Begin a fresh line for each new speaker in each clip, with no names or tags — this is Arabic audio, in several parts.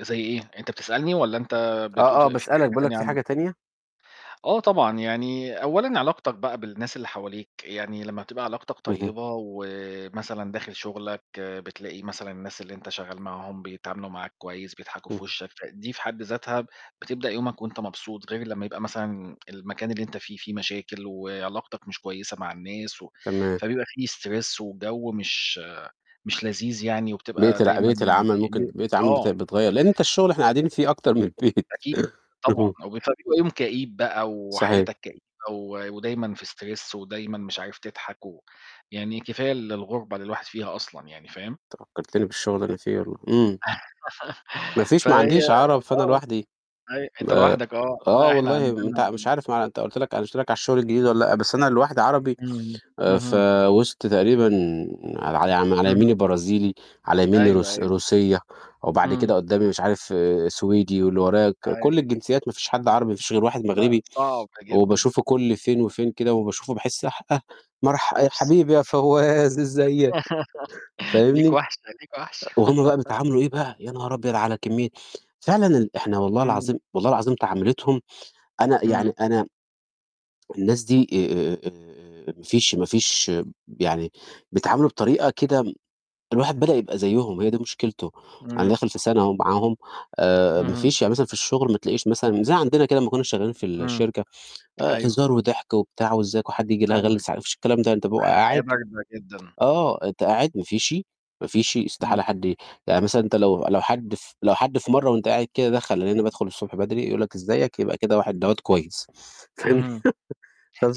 زي إيه؟ أنت بتسألني والّا أنت بتقول
آه،
ف
آه،
في
باسألك،
حاجة
باقول لك
تانية
في حاجة
عندك؟
تانية؟
آه طبعًا، يعني أولًا علاقتك بقى بالناس اللي حواليك، يعني لمّا بتبقى علاقتك
اهم.
طيّبة ومثلًا داخل شُغلك، بتلاقي مثلًا الناس اللي أنت شغّال معاهم بيتعاملوا معاك كويس، بيضحكوا في
اهم.
وِشَّك، فدي في حد ذاتها بتبدأ يومك وأنت مبسوط، غير لمّا يبقى مثلًا المكان اللي أنت فيه، فيه مشاكل وعلاقتك مش كويسة مع الناس و
تمام.
فبيبقى فيه stress وِجَو مش مش لذيذ يعني،
بقيت
وبتبقى
الع
دايمًا
بقيت العمل ممكن
ي
بقيت العمل بت
آه.
بتغيّر، لإن أنت الشُغل إحنا قاعدين فيه أكتر من البيت.
أكيد
اهم.
طبعًا، وب فبيبقى يوم كئيب بقى
صحيح.
وحياتك كئيبة و ودايمًا في stress ودايمًا مش عارف تضحك و يعني كفاية ال الغُربة اللي الواحد فيها أصلًا يعني، فاهم؟
أنت فكّرتني بالشُغل اللي أنا فيه والله، إمم. ما فيش، ما
فهي
عنديش عَرَب، فأنا
آه.
لوحدي
أيوه
م
أنت
آآ،
لوحدك آه،
آه
لأ، إحنا
والله م
عندنا
أنت مش
عن
عارف مع أنت قُلت لك أنا مش قلت لك على الشُغل الجديد والّا لأ، بس أنا لوحدي عربي
إمم،
آآ، في
اهم.
وِسط تقريبًا على على م على يمني
اهم.
برازيلي، على يميني
أيوه،
روس
أيوه.
روسيّة، وبعد
إمم.
كده قُدّامي مش عارف، سويدي، واللي ورايا ك
أيوه.
كل الجنسيّات ما فيش حد عربي، ما فيش غير واحد
لأ،
مغربي،
صعبة جدًا.
وباشوفه كل فين وفين كده، وباشوفه باحِس حأه مرح آآ، يا
oops.
حبيبي يا فوّاز إزّيك.
ليك
فاهمني؟
وَحشة، ليك
آآ،
وَحشة.
وهُم بقى بيتعاملوا إيه بقى، يا نهار أبيض على كمّية فعلًا ال إحنا والله
إمم.
العظيم والله العظيم تعاملتهم، أنا يعني
إمم.
أنا الناس دي آآ، آآ، ما فيش ما فيش ب يعني بيتعاملوا بطريقة كده م الواحد بدأ يبقى زيّهم، هي دي مشكلته. أنا
إمم.
داخل في سَنة أهو معاهم، آآ ما
اهم.
فيش. يعني مثلًا في الشُغل ما تلاقيش مثلًا زي عندنا كده لمّا كُنّا شغّالين في
إمم.
الشركة، آآ،
أيوه.
هزار وضحك وبتاع وإزّيك وحد ييجي لأ
لأ ما
هاغلّس ع
فيش.
ما فيش الكلام ده، أنت ببيقى
حياة
قاعد
باردة جدًا.
آه، أنت قاعد ما فيش، ما فيش،
إمم.
استحالة حد يعني مثلًا أنت لو لو حد ف لو حد في مرّة وأنت قاعد كده دَخَل، لإن أنا بادخُل الصبح بدري، يقول لك إزيك، يبقى كده واحد دوّة كويس. فاهمني؟
اهم.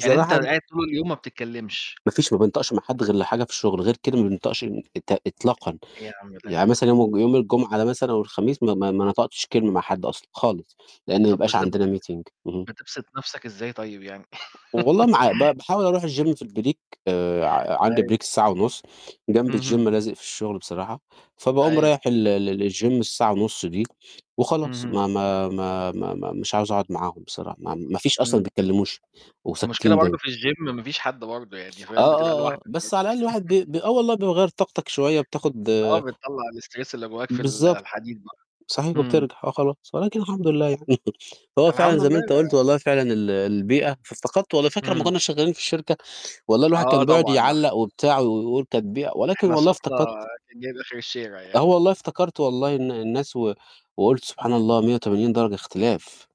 يعني أنت
أن
قاعد طول اليوم ما بتتكلّمش؟
ما فيش، ما بينطقش مع حد غير لحاجة في الشُغل، غير كده ما بينطقش إط إطلاقًا.
إيه يا عَم ده يا
يعني
عَم؟
مثلًا يوم الج يوم الجمعة ده مثلًا أو الخميس، ما ما ما نطقتش كلمة مع حد أصلًا خالص، لإن ما
طَب
بيبقاش
بس ب
عندنا meeting. اهم.
بتبسِط نَفْسك إزاي طيب يعني؟
والله ما عا ب باحاول أروح الgym في الbreak، آآ، ع عندي
أيوه.
break الساعة ونُص، جانب الgym،
اهم.
لازِق في الشُغل بصراحة، فباقوم
أيوه.
رايح ال ل ل لالgym الساعة ونُص دي وخلاص.
اهم.
ما ما ما ما ما -مش عاوز أقعُد معاهم بصراحة، ما ما فيش أصلًا ما
إمم.
بيتكلّموش
المشكلة
وساكتين
برضه
دايمًا.
في الgym ما فيش حد برضه يعني،
آه،
فاهم؟ بتبقى
آه، آه،
لوحدك
بس
برضه.
على الأقل الواحد ب ب آه، والله بيغيّر طاقتك شوية وبتاخُد
آه، بتطلَّع الstress اللي جوّاك في ال
بالضبط،
الحديد بقى.
صحيح
إمم.
وبترجع، آه خلاص، ولكن الحمد لله يعني. هو فعلًا
الحمد
زي ما
لله
أنت قُلت
أنا
والله فعلًا ال البيئة، فافتقدته والله. فاكر لمّا
إمم.
كُنّا شغّالين في الشركة؟ والله الواحد
آه
كان بيقعُد
طبعًا نح
يعلَّق وبتاع و ويقول تتبيع ولكن
إحنا
والله
صوتنا
افتقدت
كان جايب آخِر الشارع
آه
يعني.
والله، افتكرت والله إن الناس و وقُلت سبحان
إمم.
الله 180 درجة اختلاف.